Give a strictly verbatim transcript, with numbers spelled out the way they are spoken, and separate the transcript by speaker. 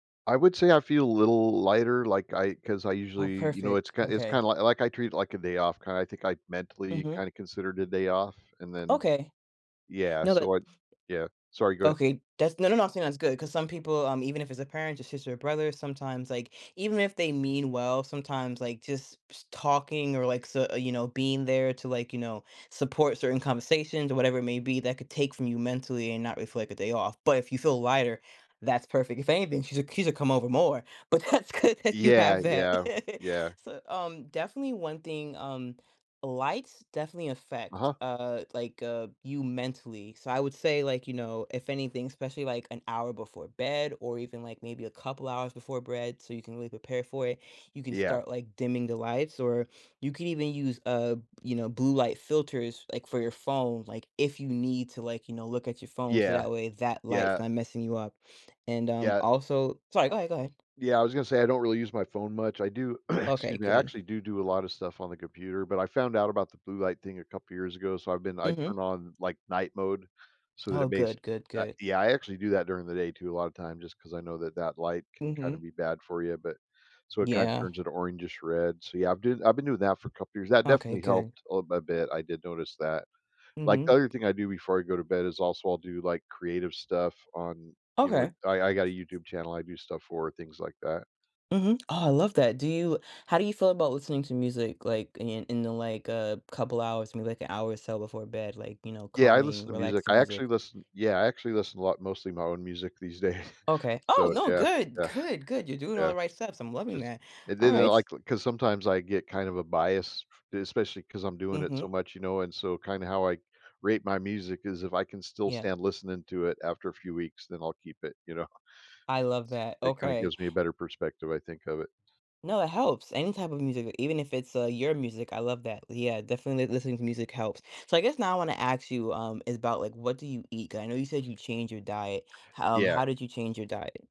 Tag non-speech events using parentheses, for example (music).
Speaker 1: I would say I feel a little lighter, like I 'cause I
Speaker 2: Oh,
Speaker 1: usually, y you know it's
Speaker 2: perfect,
Speaker 1: kind it's
Speaker 2: okay.
Speaker 1: kinda li like, I treat it like a day off, kinda, I think I mentally
Speaker 2: Mhm.
Speaker 1: kinda consider it a day off, and then
Speaker 2: Okay.
Speaker 1: yeah,
Speaker 2: No, that
Speaker 1: so I yeah, sorry, go ahead.
Speaker 2: okay, that's no no, I'm saying that's good 'cause some people, um even if it's a parent, your sister, or brother, sometimes, like even if they mean well, sometimes, like, just ps talking or, like so you know, being there to, like you know, support certain conversations- or whatever it may be- that could take from you mentally and not reflect a day off, but if you feel lighter, that's perfect if anything, she's a c she's needs to come over more, because cause that's good that you
Speaker 1: Yeah,
Speaker 2: have that.
Speaker 1: yeah,
Speaker 2: (chuckles)
Speaker 1: yeah.
Speaker 2: So, um, definitely one thing, um, lights definitely affect,
Speaker 1: Uh-huh.
Speaker 2: uh, like uh you mentally, so I would say, like, you know, if anything, especially, like, an hour before bed, or, even, like, maybe a couple hours before bred so you can really prepare for it, you can
Speaker 1: Yeah.
Speaker 2: start, like, dimming the lights, or you can even use, uh, you know, blue light filters, like, for your phone, like, if you need to, like, you know, look at your phone so
Speaker 1: Yeah.
Speaker 2: that way that light's
Speaker 1: Yeah
Speaker 2: not messing you up, and, um,
Speaker 1: yeah.
Speaker 2: also sorry,
Speaker 1: I
Speaker 2: go ahead, go ahead.
Speaker 1: yeah, I was gonna say I don't really use my phone much, I do (clears throat) excuse
Speaker 2: Okay,
Speaker 1: me I
Speaker 2: good.
Speaker 1: actually do, do a lot of stuff on the computer, but I found out about the blue light thing a couple of years ago, so I've been I turn
Speaker 2: Mhm.
Speaker 1: on, like, night mode so that
Speaker 2: Oh,
Speaker 1: it makes
Speaker 2: good, good,
Speaker 1: uh,
Speaker 2: good.
Speaker 1: yeah, I actually do that during the day to a lotta time just 'cause I know that that light can, kinda
Speaker 2: Mhm.
Speaker 1: be bad for you, but so, it kinda
Speaker 2: Yeah.
Speaker 1: turns into orangish red, so yeah, I'm doing that I've been doing that for a couple years, that
Speaker 2: Okay,
Speaker 1: definitely
Speaker 2: good.
Speaker 1: helped a little a bit, I did notice that. Like, the
Speaker 2: Mhm,
Speaker 1: other thing I do before I go to bed is also, I'll do, like, creative stuff on, you know
Speaker 2: Okay.
Speaker 1: I I got a YouTube channel I do stuff for, things like that.
Speaker 2: Mhm, oh, I love that, do you how do you feel about listening to music? Like, in in the like, uh, a couple hours maybe, like, an hour or so before bed like, you know,
Speaker 1: Yeah, I listen
Speaker 2: calming,
Speaker 1: to music,
Speaker 2: relaxing
Speaker 1: I
Speaker 2: music?
Speaker 1: actually listen yeah, I actually listen a lot mostly my own music these days,
Speaker 2: Okay oh!
Speaker 1: so
Speaker 2: No,
Speaker 1: yeah,
Speaker 2: good,
Speaker 1: yeah.
Speaker 2: good, good, you're doing all
Speaker 1: Yeah,
Speaker 2: the right stuff, so I'm loving
Speaker 1: just
Speaker 2: that,
Speaker 1: and then they'll,
Speaker 2: alright.
Speaker 1: like l 'cause sometimes I get kind of a bias especially 'cause I'm doing it so
Speaker 2: Mhm.
Speaker 1: much, you know, and so, kinda how I rate my music 'cause if I can still
Speaker 2: Yeah.
Speaker 1: stand listening to it after a few weeks, then I'll keep it, you know?
Speaker 2: I love
Speaker 1: S
Speaker 2: that,
Speaker 1: it kinda
Speaker 2: okay.
Speaker 1: gives me a better perspective, I think, of it.
Speaker 2: No, it helps, any type of music, even if it's, uh, your music, I love that l yeah, definitely li listening to music helps, so, I guess, now I wanna aks you, um, is about, like, what do you eat? 'Cause, I know you said you changed your diet, how um,
Speaker 1: Yeah.
Speaker 2: how did you change your diet?